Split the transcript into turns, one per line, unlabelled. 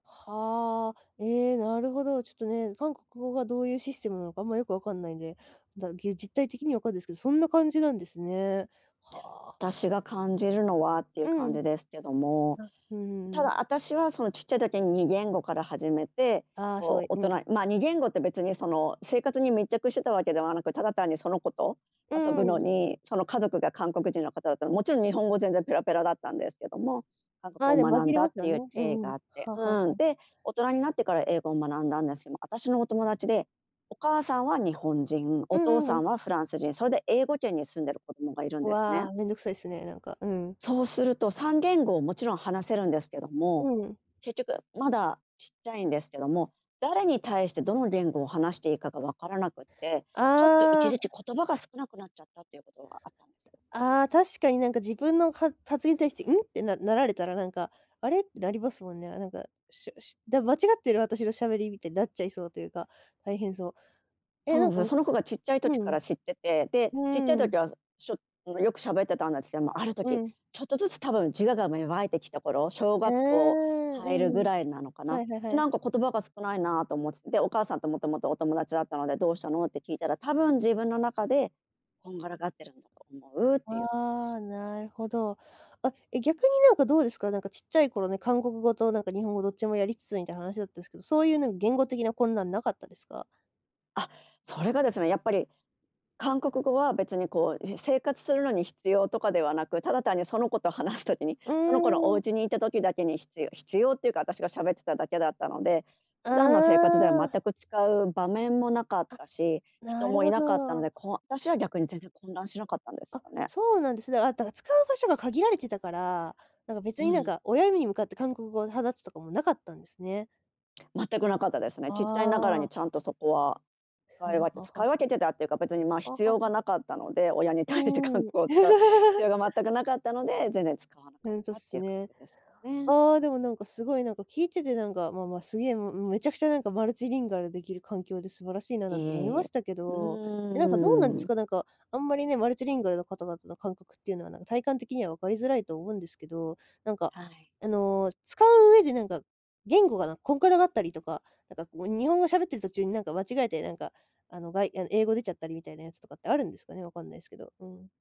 はあ、ええ、なるほど。ちょっとね、韓国語がどういうシステムなのか、あんまよく分かんないんで、だ、ぎ、実体的には分かんですけど、そんな感じなんですね。はあ。
私が感じるのはってい
う
う感
ん。
じですけども。
あ、うんうん
た
うん。
だあたしはその、ちっちゃい時に2言語から始めて、
ああ、すご
こ
い、
う大
うん。
人ま、2言語って別にその生活に密着してたわけではなく、ただ単にその子と
う
遊ぶ
んう
の
ん。
に、その家族が韓国人の方だったらもちろん日本語全然ペラペラだったんですけども、韓
ああ、
国
で
語
も
を
混
学
じ
ん
り
だ
ま
っ
す
て
よ
いう
ね、う
経緯
んう
が
ん、
あって。
はあはあは
うん。
あ。
で、大人になってから英語を学んだんですけど、私のお友達で、お母さんは日本人、
う
お
ん
父
うんう
さ
ん。
んはフランス人、それで英語圏に住んでる子供がいるんです
わ
ね。
あ、面倒くさいっすね、なんか、うん。
そうすると、3言語をもちろん話せるんですけど
[unintelligible]
も、
うん。
結局まだちっちゃいんですけども、誰に対してどの言語を話していいかが分からなくって、ちょっと
あ
一時
あ。
期言葉が少なくなっちゃったっていうことがあったんですよ。
ああ、確かになんか自分のは発言に対して、「うん？」てななられたらなんか、「あれ？」ってなりますもんね。なんか、しゃしだ、「間違ってる？私の喋り」みたいになっちゃいそうというか、大変そう。え
そ
え、
うな
な
ん
ん
です
か
よ。その子がちっちゃい
うん、
時から知ってて、で、
う
ちっちゃい
ん。うーん。
時はしょんあよく喋ってたんですけども、ある
う
時
ん。
ちょっとずつ多分自我が芽生えてきた頃、小
ああ、
学校
う
入るぐ
ん。
らいなのか
は
な。
いはいはい。
なんか言葉が少ないなと思って、で、お母さんともともとお友達だったので、「どうしたの」って聞いたら、「多
[unintelligible]
分自分の中でこんがらがってるんだと思う」っていうことでし
あ
た。
あ、なるほど。あ、え、逆になんかどうですか、なんかちっちゃい頃ね、韓国語となんか日本語どっちもやりつつみたいな話だったすけど、そういうなんか言語的な混乱無かったですか？
あ、それがですね、やっぱり韓国語は別にこう、じ生活するのに必要とかではなく、ただ単にその子と話す時に
う
その子のお
ーん。
家にいた時だけにひつよ必要っていうか私が喋ってただけだったので、
あ
普段の生活では
あ。
全く使う場面もなかっ
あ、
たし、人
なる
もい
ほ
なかったの
ど。
で、こ、私は逆に全然混乱しなかったんです
あ、
よね。
そうなんですね。あ、だから使う場所が限られてたから、なんか別
う
になん
ん。
か、親に向かって韓国語を話すとかもなかったんですね。
全くなかったですね。ちっちゃいながら
あ
に
あ。
ちゃんとそこは、
さ
使い
ん
分
あ
け
はは
使
は。
い分けてたっていうか、別にまあ、
あは
必要が
は。
なかったので、親に
う
対して韓国
ーん。
語を使う必 要が全くなかったので、全然使わなか
ふ
っ
んとっ
たって
す
いう感
ね。
じですかね。
ああ、でもなんか、凄いなんか、聞いててなんか、まあまあ、すげえもうもうめちゃくちゃなんか、マルチリンガル出来る環境で素晴らしいな、
え
なんて思いまし
え、
たけ
う
ど。え、なんかどうなんで
ー
す
ん。
か、なんか、あんまりね、マルチリンガルの方々の感覚っていうのはなんか体感的には分かりづらいと思うんですけど、なんか、
はい。
あの、使う上でなんか、言語がなんかこんくらがったりとか、なんかこう日本語喋ってる途中になんか、間違えてなんか、あの、がいあの英語出ちゃったりみたいなやつとかってあるんですかね、分かんないすけど。うん。